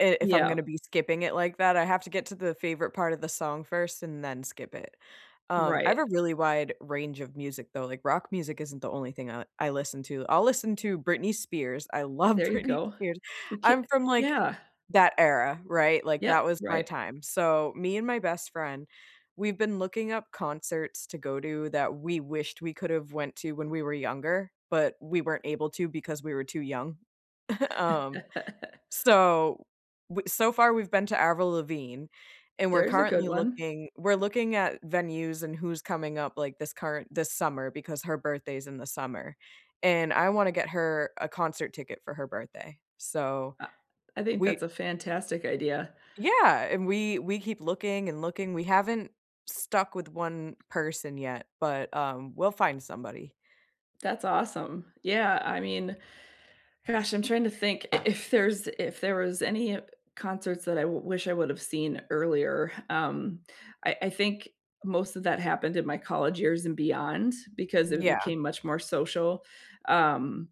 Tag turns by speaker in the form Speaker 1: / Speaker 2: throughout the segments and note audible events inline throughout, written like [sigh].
Speaker 1: I if I'm gonna to
Speaker 2: Yep.
Speaker 1: be skipping it like that, I have to get to the favorite part of the song first and then skip it. Um, I have a
Speaker 2: Right.
Speaker 1: really wide range of music though, like rock music isn't the only thing I I listen to, I'll listen to Britney Spears, I love
Speaker 2: There you
Speaker 1: Britney
Speaker 2: go.
Speaker 1: Spears,
Speaker 2: We c
Speaker 1: I'm from like,
Speaker 2: yeah.
Speaker 1: that era, right? Like, that
Speaker 2: Yep,
Speaker 1: was my
Speaker 2: right.
Speaker 1: time. So, me and my best friend, we've been looking up concerts to go to that we wished we could have went to when we were younger, but we weren't able to because we were too young. [chuckles] Um,
Speaker 2: [laughs]
Speaker 1: so, w so far we've been to Avril Lavigne, and we're
Speaker 2: There's a good
Speaker 1: currently
Speaker 2: one.
Speaker 1: looking we're looking at venues and who's coming up, like, this current this summer, because her birthday's in the summer, and I want to get her a concert ticket for her birthday. So,
Speaker 2: I I think
Speaker 1: we
Speaker 2: that's a fantastic idea.
Speaker 1: Yeah, and we we keep looking and looking, we haven't stuck with one person yet, but, um, we'll find somebody.
Speaker 2: That's awesome. Yeah, I mean, gosh, I'm trying to think i if there's if there was any e concerts that I w wish I would have seen earlier, um, I I think most of that happened in my college years and beyond because
Speaker 1: M
Speaker 2: it
Speaker 1: yeah.
Speaker 2: became much more social, um,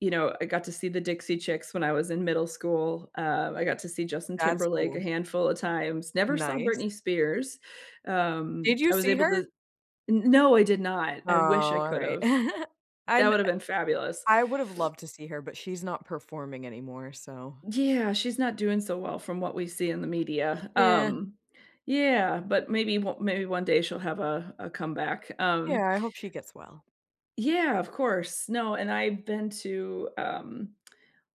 Speaker 2: you know, I got to see the Dixie Chicks when I was in middle school, um, I got to see Justin
Speaker 1: That's
Speaker 2: Timberlake a
Speaker 1: cool.
Speaker 2: handful of times. Never saw
Speaker 1: Nice.
Speaker 2: Britney Spears,
Speaker 1: Did
Speaker 2: um,
Speaker 1: you
Speaker 2: I was
Speaker 1: see
Speaker 2: able
Speaker 1: her?
Speaker 2: to N no, I did not, I wish I
Speaker 1: Aw,
Speaker 2: could
Speaker 1: alright.
Speaker 2: have.
Speaker 1: [giggles] I
Speaker 2: That
Speaker 1: n
Speaker 2: would have
Speaker 1: eh
Speaker 2: been fabulous.
Speaker 1: I would have loved to see her, but she's not performing anymore, so
Speaker 2: Yeah, she's not doing so well from what we see in the media,
Speaker 1: Yeah.
Speaker 2: um, yeah, but maybe w maybe one day she'll have a a comeback, um
Speaker 1: Yeah, I hope she gets well.
Speaker 2: Yeah, of course. No, and I've been to, um,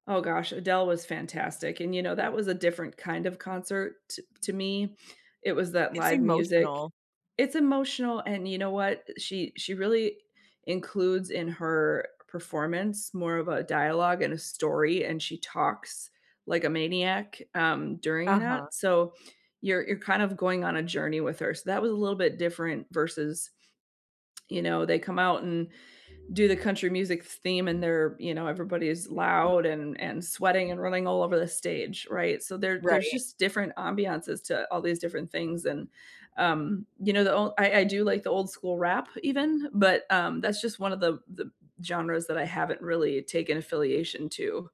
Speaker 2: oh gosh, Adele was fantastic, and you know, that was a different kind of concert to to me. It was that
Speaker 1: It's
Speaker 2: live music.
Speaker 1: emotional.
Speaker 2: It's emotional, and you know what? She she really includes in her performance, more of a dialogue and a story, and she talks like a maniac, um, during
Speaker 1: Uh-huh.
Speaker 2: that, so you're you're kind of going on a journey with her. So, that was a little bit different versus, you know, they come out and do the country music theme and they're everybody's loud and and sweating and running all over the stage, right? So, there there's
Speaker 1: Right.
Speaker 2: just different ambiences to all these different things, and, um, you know, the ol I I do like the old-school rap even, but, um, that's just one of the the genres that I haven't really taken affiliation to.